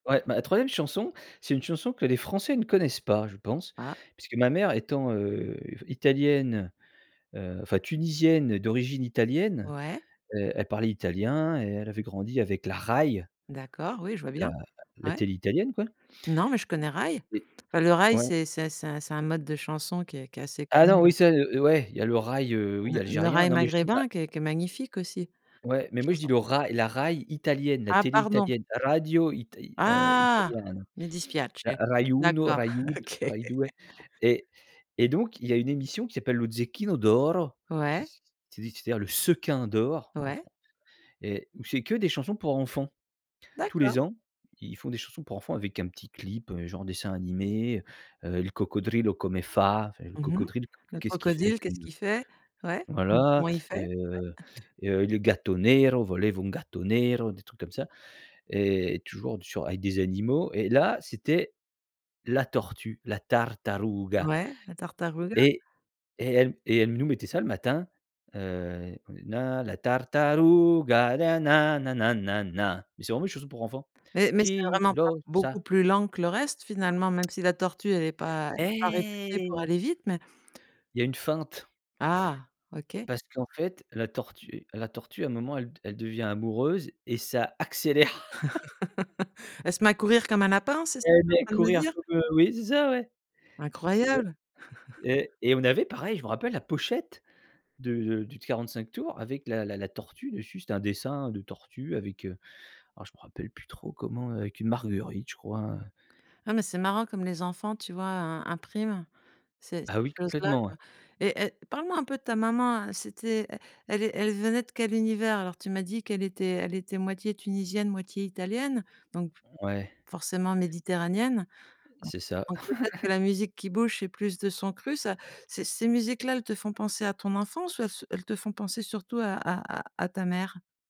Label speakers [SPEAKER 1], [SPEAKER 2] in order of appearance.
[SPEAKER 1] Ouais, ma 3e chanson, c'est une chanson que les Français ne connaissent pas, je pense,
[SPEAKER 2] Ah!
[SPEAKER 1] puisque ma mère étant, heu, italienne, heu, enfin, tunisienne d'origine italienne,
[SPEAKER 2] Ouais.
[SPEAKER 1] heu, elle parlait italien et elle avait grandi avec la Rai.
[SPEAKER 2] D'accord, oui, je vois
[SPEAKER 1] La
[SPEAKER 2] bien.
[SPEAKER 1] la
[SPEAKER 2] Ouais.
[SPEAKER 1] télé italienne, quoi.
[SPEAKER 2] Non, mais je connais raï,
[SPEAKER 1] Et
[SPEAKER 2] enfin, le raï,
[SPEAKER 1] ouais.
[SPEAKER 2] c'est c'est c'est c'est un mode de chanson qui est qui est assez
[SPEAKER 1] Ah,
[SPEAKER 2] connu,
[SPEAKER 1] non,
[SPEAKER 2] heu
[SPEAKER 1] oui, ça, heu, ouais, il y a le raï, heu, oui,
[SPEAKER 2] le le
[SPEAKER 1] algérien.
[SPEAKER 2] raï
[SPEAKER 1] Non, mais je dis la
[SPEAKER 2] maghrébin qui est qui est magnifique aussi.
[SPEAKER 1] ouais, mais moi, je dis
[SPEAKER 2] Chanson.
[SPEAKER 1] le rai, la Rai italienne, la
[SPEAKER 2] Ah!
[SPEAKER 1] télé
[SPEAKER 2] Pardon.
[SPEAKER 1] italienne, radio ita, heu,
[SPEAKER 2] Ah!
[SPEAKER 1] italiana,
[SPEAKER 2] Me dispiace,
[SPEAKER 1] ra rai uno,
[SPEAKER 2] d'accord,
[SPEAKER 1] rai du
[SPEAKER 2] OK.
[SPEAKER 1] rai due ret et donc il y a une émission qui s'appelle le Zecchino d'oro qui
[SPEAKER 2] Ouais.
[SPEAKER 1] c'est c'est-à-dire le sequin d'or en
[SPEAKER 2] Ouais.
[SPEAKER 1] Français et où c'est que des chansons pour enfants. Tous les
[SPEAKER 2] D'accord.
[SPEAKER 1] ans, ils font des chansons pour enfants avec un petit clip, heu, genre dessin animé, heu, «Il coccodrillo come Fa», enfin le
[SPEAKER 2] Mmh mh.
[SPEAKER 1] crocodile
[SPEAKER 2] Le
[SPEAKER 1] qu'est ce qui fait
[SPEAKER 2] crocodile,
[SPEAKER 1] que
[SPEAKER 2] qu'est-ce qu'il fait? Ouais, donc
[SPEAKER 1] voilà,
[SPEAKER 2] comment il fait? [unintelligible]
[SPEAKER 1] heu heu, le gatto nero, volevo un gatto nero, des trucs comme ça et toujours avec des animaux et là, c'était la tortue, la tartaruga.
[SPEAKER 2] Ouais, la tartaruga.
[SPEAKER 1] Et et elle et elle nous mettait ça le matin. Heu, come la tartaruga, na-na na-na na-na mais c'est vraiment une chanson pour enfants.
[SPEAKER 2] Mais mais c'est
[SPEAKER 1] chi
[SPEAKER 2] vraiment pas
[SPEAKER 1] lo
[SPEAKER 2] beaucoup
[SPEAKER 1] sa!
[SPEAKER 2] plus lent que le reste, finalement, même si la tortue elle est pas elle est pas réputée pour
[SPEAKER 1] Eh!
[SPEAKER 2] aller vite, mais
[SPEAKER 1] Il y a une feinte.
[SPEAKER 2] Ah! OK.
[SPEAKER 1] Parce qu'en fait la tortue la tortue, à un moment, elle elle devient amoureuse et ça accélère.
[SPEAKER 2] Elle se met à courir comme un lapin, c'est ça
[SPEAKER 1] Ella
[SPEAKER 2] que
[SPEAKER 1] va
[SPEAKER 2] tu en train de me
[SPEAKER 1] courir
[SPEAKER 2] dire?
[SPEAKER 1] comme, heu, oui, c'est ça, ouais, c'est ça
[SPEAKER 2] Incroyable!
[SPEAKER 1] et et on avait pareil, je m'en rappelle la pochette du du du 45 tours avec la la la tortue dessus. C'était un dessin de tortue avec, heu, alors je me rappelle plus trop comment, heu, avec une marguerite, je crois, heu
[SPEAKER 2] Ah! Mais c'est marrant comme les enfants, tu vois, heu, impriment ces ces
[SPEAKER 1] Ah oui,
[SPEAKER 2] choses-là,
[SPEAKER 1] complètement, ouais.
[SPEAKER 2] quoi et et parle-moi un peu de ta maman, c'était, heu, elle elle é venait de quel univers? Alors, tu m'as dit qu'elle était elle était moitié tunisienne, moitié italienne, donc
[SPEAKER 1] Ouais.
[SPEAKER 2] forcément méditerranéenne donc
[SPEAKER 1] C'est ça.
[SPEAKER 2] donc peut-être que la musique qui bouge, c'est plus de son cru ça. Ces ces musiques-là, elles te font penser à ton enfance ou elles se elles te font penser surtout à à à ta mère?